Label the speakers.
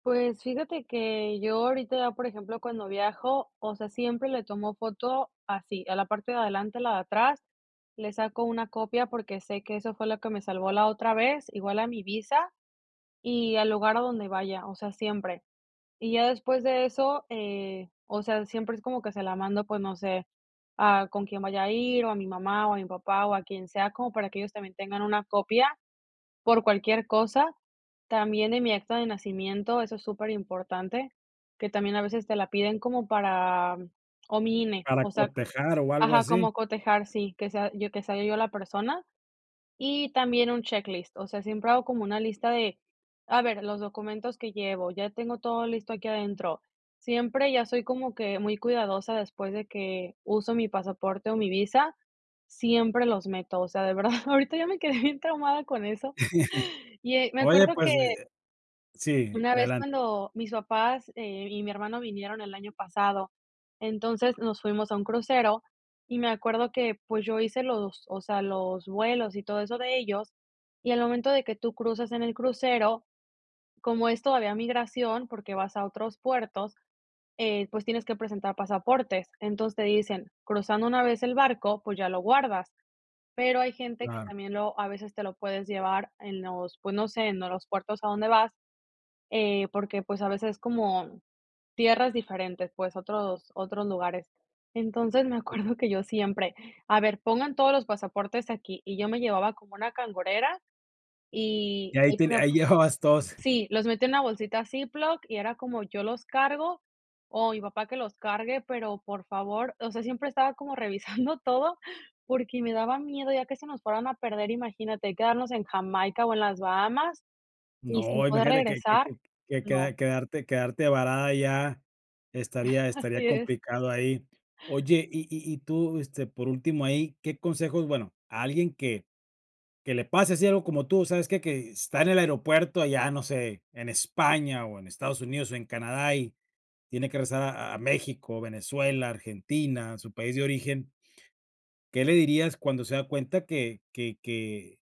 Speaker 1: Pues fíjate, que yo ahorita, por ejemplo, cuando viajo, o sea, siempre le tomo foto, así, a la parte de adelante, la de atrás, le saco una copia, porque sé que eso fue lo que me salvó, la otra vez. Igual a mi visa, y al lugar a donde vaya, o sea, siempre. Y ya después de eso, eh, o sea, siempre es como que se la mando, pues, no sé, a con quién vaya a ir, o a mi mamá, o a mi papá, o a quien sea. Como para que ellos, también tengan una copia, por cualquier cosa. También, en mi acta de nacimiento, eso es súper importante, que también, a veces te la piden, como para o mi INE,
Speaker 2: ¿Para
Speaker 1: o sea
Speaker 2: cotejar, o algo
Speaker 1: ajá,
Speaker 2: así?
Speaker 1: como cotejar, sí, que sea yo que sea yo la persona. Y también un checklist, o sea, siempre hago como una lista de: "A ver, los documentos que llevo. Ya tengo todo listo, aquí adentro". Siempre, ya soy como que muy cuidadosa, después de que uso mi pasaporte, o mi visa, siempre los meto. O sea, de verdad, ahorita, ya me quedé bien traumada, con eso. Y, eh, me
Speaker 2: Oye,
Speaker 1: acuerdo que
Speaker 2: pues, eh sí,
Speaker 1: una vez,
Speaker 2: adelante.
Speaker 1: cuando mis papás, eh, y mi hermano, vinieron el año pasado, entonces, nos fuimos a un crucero, y me acuerdo que, pues, yo hice los o sea, los vuelos, y todo eso, de ellos. Y al momento, de que tú cruzas en el crucero, como es todavía migración, porque vas a otros puertos, eh, pues, tienes que presentar pasaportes. Entonces, te dicen: "Cruzando una vez el barco, pues, ya lo guardas". Pero, hay gente que
Speaker 2: Claro.
Speaker 1: también, lo a veces, te lo puedes llevar en los pues, no sé, en los puertos a donde vas, eh, porque, pues a veces, es como tierras diferentes pues, otros otros lugares. Entonces, me
Speaker 2: [unintelligible]
Speaker 1: acuerdo, que yo siempre: "A ver, pongan todos los pasaportes aquí". Y yo me llevaba como una cangurera, y,
Speaker 2: Y ahí
Speaker 1: ahí
Speaker 2: te
Speaker 1: ponía,
Speaker 2: ahí
Speaker 1: pues
Speaker 2: llevabas todos.
Speaker 1: sí, los metía en una bolsita Ziploc, y era como: "Yo los cargo, o mi papá, que los cargue, pero, por favor". O sea, siempre estaba como revisando todo, porque me daba miedo ya, que se nos fueran a perder. Imagínate, quedarnos en Jamaica, o en las Bahamas, y sin
Speaker 2: No,
Speaker 1: poder
Speaker 2: imagínate que que
Speaker 1: regresar.
Speaker 2: que que
Speaker 1: No.
Speaker 2: que quedarte quedarte varada allá, estaría estaría
Speaker 1: Así es.
Speaker 2: complicado, ahí. Oye, y y y tú, este, por último, ahí, ¿qué consejos? Bueno, a alguien que que le pase así, algo como tú, ¿sabes?, que que está en el aeropuerto, allá, no sé, en España, o en Estados Unidos, o en Canadá, y tiene que regresar a a México, Venezuela, Argentina, a su país de origen. ¿Qué le dirías, cuando se da cuenta que que que?